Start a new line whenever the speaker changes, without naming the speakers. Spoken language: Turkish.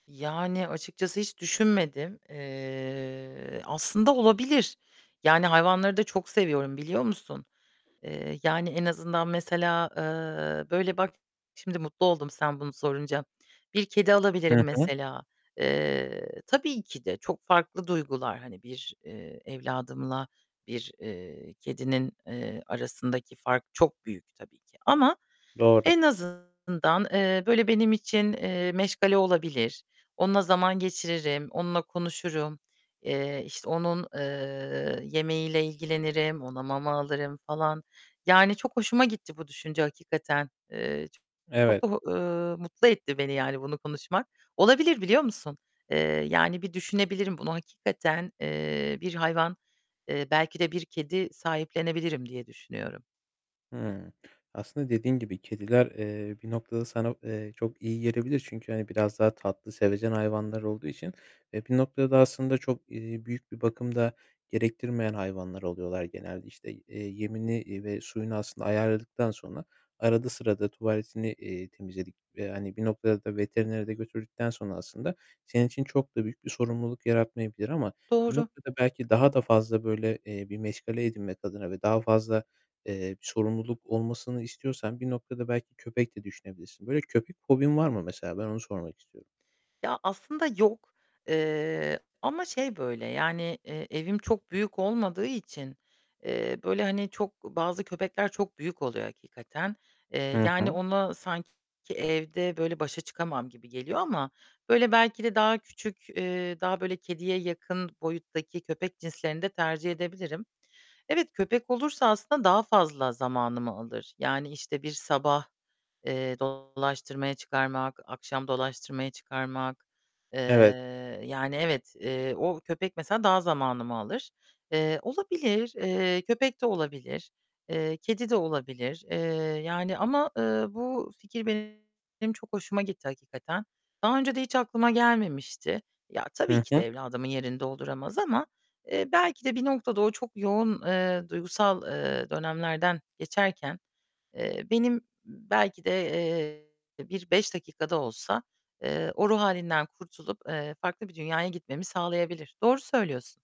Yani açıkçası hiç düşünmedim. Eee, aslında olabilir. Yani hayvanları da çok seviyorum, biliyor musun? Eee, yani, en azından mesela, eee, böyle, bak, şimdi mutlu oldum sen bunu sorunca. Bir kedi alabilirim
Hı hı.
mesela. Eee, tabii ki de çok farklı duygular. Hani bir, eee, evladımla bir, eee, kedinin, eee, arasındaki fark çok büyük tabii ki. Ama
Doğru.
en azından, eee, böyle, benim için, eee, meşgale olabilir. Onunla zaman geçiririm, onunla konuşurum, eee, işte, onun, eee, yemeğiyle ilgilenirim, ona mama alırım falan. Yani çok hoşuma gitti bu düşünce hakikaten. Eee, çok çok da
Evet.
h ııı, mutlu etti beni yani bunu konuşmak. Olabilir, biliyor musun? Eee, yani bir düşünebilirim bunu hakikaten, eee, bir hayvan, eee, belki de bir kedi sahiplenebilirim diye düşünüyorum.
Hıı. Aslında dediğim gibi kediler, eee, bir noktada sana, eee, çok iyi gelebilir. Çünkü, hani, biraz daha tatlı, sevecen hayvanlar olduğu için, eee, bir noktada aslında çok, eee, büyük bir bakım da gerektirmeyen hayvanlar oluyorlar genelde. İşte, i eee, yemini, iii, ve suyunu aslında ayarladıktan sonra arada sırada tuvaletini, eee, temizledik ve, hani, bir noktada da veterinere de götürdükten sonra aslında senin için çok da büyük bir sorumluluk yaratmayabilir. Ama bir
Doğru.
noktada belki daha da fazla böyle, eee, bir meşgale edinmek adına ve daha fazla, eee, sorumluluk olmasını istiyorsan bir noktada belki köpek de düşünebilirsin. Böyle köpek fobin var mı mesela? Ben onu sormak istiyorum.
Ya, aslında yok. Eee, ama şey böyle, yani, eee, evim çok büyük olmadığı için, eee, böyle, hani, çok bazı köpekler çok büyük oluyor hakikaten. Eee,
Hı
yani,
hı.
ona sanki evde böyle başa çıkamam gibi geliyor ama, böyle, belki de daha küçük, eee, daha böyle kediye yakın boyuttaki köpek cinslerini de tercih edebilirim. Evet, köpek olursa aslında daha fazla zamanımı alır. Yani, işte, bir sabah, eee, dolaştırmaya çıkarmak, akşam dolaştırmaya çıkarmak... Eee,
Evet.
yani evet, eee, o köpek mesela daha zamanımı alır. Eee, olabilir. Eee, köpek de olabilir, eee, kedi de olabilir. Eee, yani ama, eee, bu fikir benim çok hoşuma gitti hakikaten. Daha önce de hiç aklıma gelmemişti. Ya, tabii
Hı
ki
hı.
de evladımın yerini dolduramaz ama, eee, belki de bir noktada o çok yoğun, eee, duygusal, eee, dönemlerden geçerken, eee, benim, belki de, eee, bir 5 dakika da olsa, eee, o ruh hâlinden kurtulup, eee, farklı bir dünyaya gitmemi sağlayabilir. Doğru söylüyorsun.